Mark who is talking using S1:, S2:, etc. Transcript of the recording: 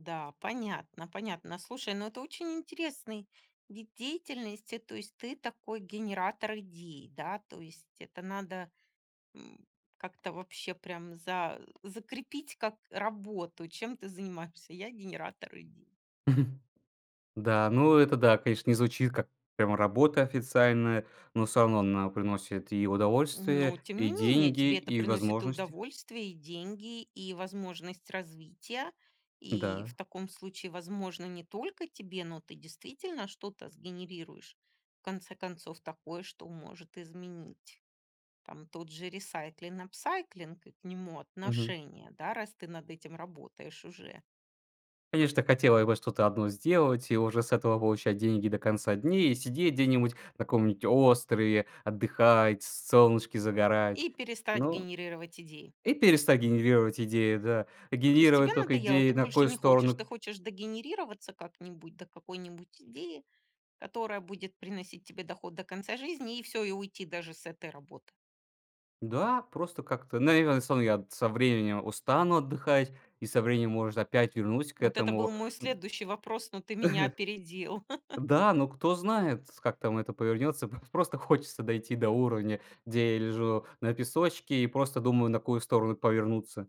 S1: Да, понятно, понятно. Слушай, ну, это очень интересный вид деятельности. То есть, ты такой генератор идей, да? То есть, это надо, м, как-то вообще прям за закрепить как работу. Чем ты занимаешься? Я- генератор идей.
S2: Да, ну, это да, конечно, не звучит как прямо работа официальная, но всё равно она приносит и
S1: Ну,
S2: удовольствие,
S1: тем
S2: и
S1: не менее,
S2: деньги,
S1: тебе это
S2: и
S1: приносит и
S2: возможности.
S1: удовольствие, и деньги, и возможность развития. И
S2: Н-да.
S1: в таком случае, возможно, не только тебе, но ты действительно что-то сгенерируешь. В конце концов, такое, что может изменить. Там тот же ресайклинг, апсайклинг и к нему
S2: Мгм.
S1: отношение, да, раз ты над этим работаешь уже.
S2: Конечно, так хотелось бы что-то одно сделать и уже с этого получать деньги до конца дней, и сидеть где-нибудь на каком-нибудь острове, отдыхать, с солнышке загорать,
S1: И перестать
S2: но
S1: генерировать идеи.
S2: и перестать генерировать идеи, да, а
S1: То есть тебе
S2: генерировать тока
S1: надоело, ты
S2: идеи, на
S1: больше
S2: какую
S1: не хочешь,
S2: сторону п
S1: ты хочешь догенерироваться как-нибудь до какой-нибудь идеи, которая будет приносить тебе доход до конца жизни, и всё, и уйти даже с этой работы?
S2: Да, просто как-то, наверное, сам я т со временем устану отдыхать и со временем, может, опять вернусь к
S1: Вот это был
S2: этому
S1: мой
S2: н
S1: следующий вопрос, но ты меня опередил.
S2: Да, но кто знает, с как там это повернется. Пав просто хочется дойти до уровня, где я лежу на песочке и просто думаю, на какую сторону повернуться.